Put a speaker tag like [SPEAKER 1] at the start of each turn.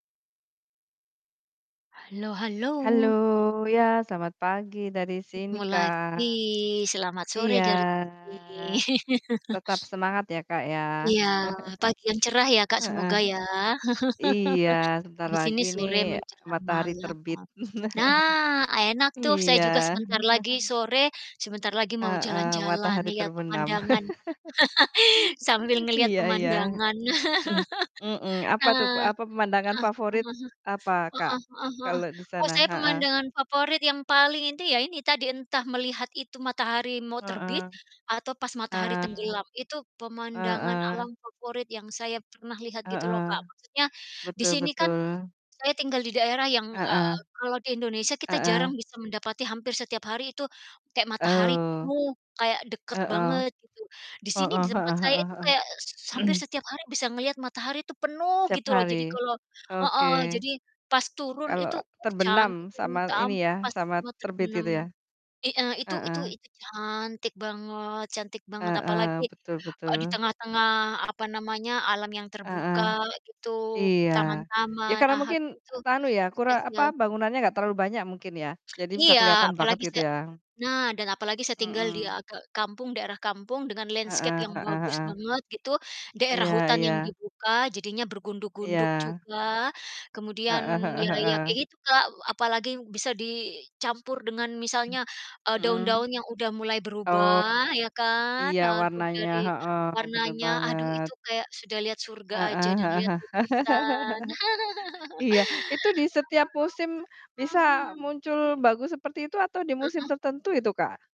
[SPEAKER 1] Halo halo.
[SPEAKER 2] Halo, ya selamat pagi dari sini,
[SPEAKER 1] Ketemu lagi,
[SPEAKER 2] Kak.
[SPEAKER 1] selamat sore
[SPEAKER 2] Iya.
[SPEAKER 1] dari sini.
[SPEAKER 2] Tetap semangat ya, Kak, ya.
[SPEAKER 1] Iya, pagi yang cerah ya, Kak,
[SPEAKER 2] Heeh.
[SPEAKER 1] semoga ya.
[SPEAKER 2] Iya sebentar
[SPEAKER 1] Di sini
[SPEAKER 2] lagi nih
[SPEAKER 1] sore menjelang
[SPEAKER 2] matahari
[SPEAKER 1] malam.
[SPEAKER 2] terbit.
[SPEAKER 1] Nah, enak tuh saya
[SPEAKER 2] Iya.
[SPEAKER 1] juga sebentar lagi sore, sebentar lagi mau
[SPEAKER 2] Heeh,
[SPEAKER 1] jalan-jalan
[SPEAKER 2] matahari
[SPEAKER 1] lihat
[SPEAKER 2] terbenam.
[SPEAKER 1] pemandangan. Sambil ngelihat
[SPEAKER 2] Iya iya.
[SPEAKER 1] pemandangan.
[SPEAKER 2] Mmm, apa tuh pe
[SPEAKER 1] Heeh,
[SPEAKER 2] apa pemandangan
[SPEAKER 1] heeh,
[SPEAKER 2] favorit apa, Kak,
[SPEAKER 1] heeh heeh heeh.
[SPEAKER 2] kalau di
[SPEAKER 1] Oh
[SPEAKER 2] sana?
[SPEAKER 1] saya
[SPEAKER 2] Heeh.
[SPEAKER 1] pemandangan favorit yang paling inti ya ini tadi entah melihat itu matahari mau terbit,
[SPEAKER 2] Heeh.
[SPEAKER 1] atau pas matahari
[SPEAKER 2] Ah,
[SPEAKER 1] tenggelam. Itu pemandangan
[SPEAKER 2] heeh.
[SPEAKER 1] alam favorit yang saya pernah lihat gitu loh, Kak.
[SPEAKER 2] Heeh.
[SPEAKER 1] Maksudnya di
[SPEAKER 2] Betul
[SPEAKER 1] sini kan
[SPEAKER 2] betul.
[SPEAKER 1] saya tinggal di daerah yang, eee,
[SPEAKER 2] Heeh.
[SPEAKER 1] kalau di Indonesia kita jarang
[SPEAKER 2] Heeh.
[SPEAKER 1] bisa mendapati hampir setiap hari itu, kayak matahari
[SPEAKER 2] Oh.
[SPEAKER 1] penuh, kayak deket
[SPEAKER 2] Heeh.
[SPEAKER 1] banget gitu. Di sini di
[SPEAKER 2] Heeh
[SPEAKER 1] tempat
[SPEAKER 2] heeh
[SPEAKER 1] saya itu
[SPEAKER 2] heeh
[SPEAKER 1] kayak s s hampir
[SPEAKER 2] heeh.
[SPEAKER 1] setiap hari bisa ngelihat matahari itu penuh
[SPEAKER 2] Setiap
[SPEAKER 1] gitu loh. Jadi
[SPEAKER 2] hari.
[SPEAKER 1] kalau heeh,
[SPEAKER 2] Oke.
[SPEAKER 1] jadi pas turun
[SPEAKER 2] Kalau
[SPEAKER 1] itu, uh
[SPEAKER 2] terbenam,
[SPEAKER 1] cantiknya minta
[SPEAKER 2] sama ini
[SPEAKER 1] ampun
[SPEAKER 2] ya,
[SPEAKER 1] pas
[SPEAKER 2] sama
[SPEAKER 1] mau
[SPEAKER 2] terbit
[SPEAKER 1] terbenam.
[SPEAKER 2] gitu ya?
[SPEAKER 1] I eee, itu itu
[SPEAKER 2] Heeh.
[SPEAKER 1] itu cantik banget cantik banget, apalagi,
[SPEAKER 2] Heeh, betul
[SPEAKER 1] eee, di
[SPEAKER 2] betul.
[SPEAKER 1] tengah-tengah, apa namanya, alam yang
[SPEAKER 2] Heeh.
[SPEAKER 1] terbuka gitu,
[SPEAKER 2] Iya. Ya
[SPEAKER 1] taman-taman,
[SPEAKER 2] karena
[SPEAKER 1] ah, ad
[SPEAKER 2] mungkin
[SPEAKER 1] itu
[SPEAKER 2] e anu ya kura apa
[SPEAKER 1] spesial.
[SPEAKER 2] bangunannya nggak terlalu banyak mungkin ya, jadi bisa
[SPEAKER 1] Iya,
[SPEAKER 2] kelihatan banget
[SPEAKER 1] apalagi
[SPEAKER 2] gitu
[SPEAKER 1] saya
[SPEAKER 2] ya.
[SPEAKER 1] nah dan apalagi saya tinggal di a
[SPEAKER 2] Mhm.
[SPEAKER 1] ke kampung, daerah kampung, dengan landscape
[SPEAKER 2] Heeh,
[SPEAKER 1] yang
[SPEAKER 2] heeh
[SPEAKER 1] bagus
[SPEAKER 2] heeh.
[SPEAKER 1] banget gitu. Daerah
[SPEAKER 2] Iya
[SPEAKER 1] hutan yang
[SPEAKER 2] iya.
[SPEAKER 1] dibuka, jadinya bergunduk-gunduk
[SPEAKER 2] Iya.
[SPEAKER 1] juga. Kemudian
[SPEAKER 2] Heeh heeh
[SPEAKER 1] ya ya
[SPEAKER 2] heeh.
[SPEAKER 1] kayak gitu, Kak, e apalagi bisa dicampur dengan misalnya, eee,
[SPEAKER 2] Mhm.
[SPEAKER 1] daun-daun yang udah mulai berubah
[SPEAKER 2] Oh,
[SPEAKER 1] ya kan.
[SPEAKER 2] iya
[SPEAKER 1] Aduh,
[SPEAKER 2] warnanya,
[SPEAKER 1] dari
[SPEAKER 2] heeh, bener
[SPEAKER 1] warnanya, aduh
[SPEAKER 2] banget.
[SPEAKER 1] itu kayak sudah lihat surga
[SPEAKER 2] Heeh
[SPEAKER 1] aja dan
[SPEAKER 2] heeh,
[SPEAKER 1] lihat
[SPEAKER 2] heeh,
[SPEAKER 1] lukisan.
[SPEAKER 2] iya, itu di setiap musim
[SPEAKER 1] [unintelligible]
[SPEAKER 2] bisa
[SPEAKER 1] Mhm,
[SPEAKER 2] muncul bagus seperti itu atau di
[SPEAKER 1] m
[SPEAKER 2] musim
[SPEAKER 1] mhm.
[SPEAKER 2] tertentu itu, Kak?